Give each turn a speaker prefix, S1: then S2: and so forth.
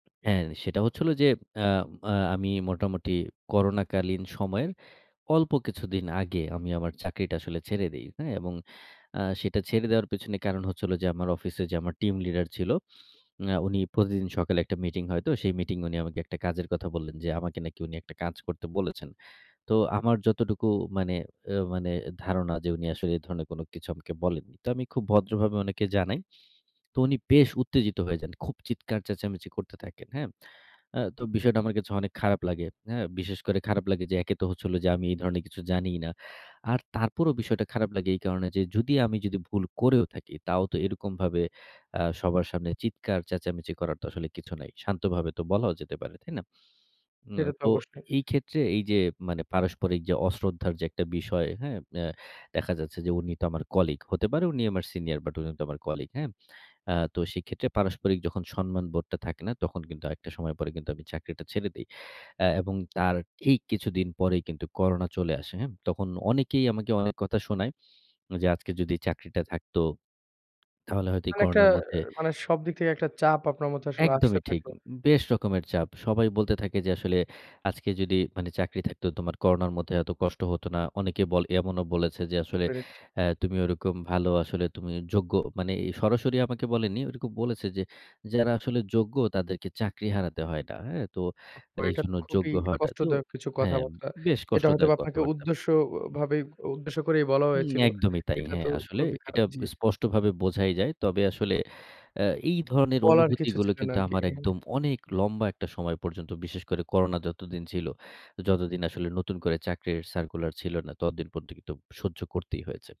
S1: হ্যাঁ, সেটা হচ্ছিল যে, আ আ আমি মোটামুটি করোনাকালীন সময়ের অল্প কিছুদিন আগে আমি আমার চাকরিটা আসলে ছেড়ে দেই, হ্যাঁ? এবং আ সেটা ছেড়ে দেওয়ার পেছনে কারণ হচ্ছে হলো যে, আমার অফিসে যে, আমার টিম লিডার ছিল, আ উনি প্রতিদিন সকালে একটা মিটিং হয়তো। সেই মিটিং উনি আমাকে একটা কাজের কথা বললেন যে, আমাকে নাকি উনি একটা কাজ করতে বলেছেন। তো আমার যতটুকু মানে এ মানে ধারণা যে, উনি আসলে এ ধরনের কিছু আমাকে বলেননি তো আমি খুব ভদ্রভাবে উনাকে জানাই। তো উনি বেশ উত্তেজিত হয়ে যান। খুব চিৎকার চেঁচামেচি করতে থাকেন, হ্যাঁ। আ তো বিষয়টা আমার কাছে অনেক খারাপ লাগে হ্যাঁ, বিশেষ করে খারাপ লাগে যে, একে তো হচ্ছিল যে, আমি এই ধরণের কিছু জানিই না। আর তারপরও বিষয়টা খারাপ লাগে এই কারণে যে, "যদি আমি যদি ভুল করেও থাকি", তাও তো এরকমভাবে আ সবার সামনে চিৎকার চেঁচামেচি করার তো আসলে কিছু নাই শান্তভাবে তো বলাও যেতে পারে। তাই না? হুম,
S2: সেটা তো
S1: তো
S2: অবশ্যই।
S1: এই ক্ষেত্রে এই যে, মানে পারস্পরিক যে, অশ্রদ্ধার যে, একটা বিষয় হ্যাঁ, এ্যা দেখা যাচ্ছে যে, উনি তো আমার কলিগ হতে পারে উনি আমার সিনিয়র বাট উনি তো আমার কলিগ হ্যাঁ। আ তো সেক্ষেত্রে পারস্পরিক যখন সম্মান বোধটা থাকে না, তখন কিন্তু একটা সময় পরে কিন্তু আমি চাকরিটা ছেড়ে দেই আ এবং তার ঠিক কিছুদিন পরেই কিন্তু করোনা চলে আসে হ্যাঁ, তখন অনেকেই আমাকে অনেক কথা শোনায়। যে, আজকে যদি চাকরিটা থাকতো তাহলে হয়তো এই
S2: মানে একটা
S1: করোনার মধ্যে
S2: মানে সব দিক থেকে একটা চাপ আপনার মধ্যে আসলে আসতে
S1: একদমই ঠিক
S2: থাকলো।
S1: বেশ রকমের চাপ সবাই বলতে থাকে যে, আসলে আজকে যদি মানে চাকরি থাকতো তোমার করোনার মধ্যে এত কষ্ট হত না। অনেকে বলে, এমনও বলেছে যে, আসলে
S2: বেড়েছে।
S1: হ্যাঁ, তুমি ওরকম ভালো আসলে তুমি যোগ্য মানে সরাসরি আমাকে বলেনি। ওরকম বলেছে যে, যারা আসলে যোগ্য তাদেরকে চাকরি হারাতে হয় না হ্যাঁ, তো
S2: ওহ! হো এটা
S1: এইজন্য
S2: তো খুবই
S1: যোগ্য হওয়াটা তো
S2: কষ্টদায়ক কিছু
S1: হ্যাঁ,
S2: কথাবার্তা।
S1: বেশ
S2: এটা হয়তো
S1: কষ্টদায়ক
S2: আপনাকে
S1: কথাবার্তা।
S2: উদ্দেশ্য ও, ও ভাবেই, উদ্দেশ্য করেই বলা
S1: হুম,
S2: হয়েছিল।
S1: একদমই তাই
S2: এটা
S1: হ্যাঁ,
S2: তো
S1: আসলে
S2: খুবই
S1: এটা
S2: খারাপ জি।
S1: স্পষ্টভাবে বোঝাই যায়। তবে আসলে আ এই ধরনের
S2: বলার কিছু
S1: অনুভূতিগুলো
S2: ছিল না
S1: কিন্তু
S2: আরকি
S1: আমার একদম
S2: হ্যাঁ।
S1: অনেক লম্বা একটা সময় পর্যন্ত বিশেষ করে করোনা যতদিন ছিল, যতদিন আসলে নতুন করে চাকরির সার্কুলার ছিল না ততদিন পর্যন্ত কিন্তু সহ্য করতেই হয়েছে।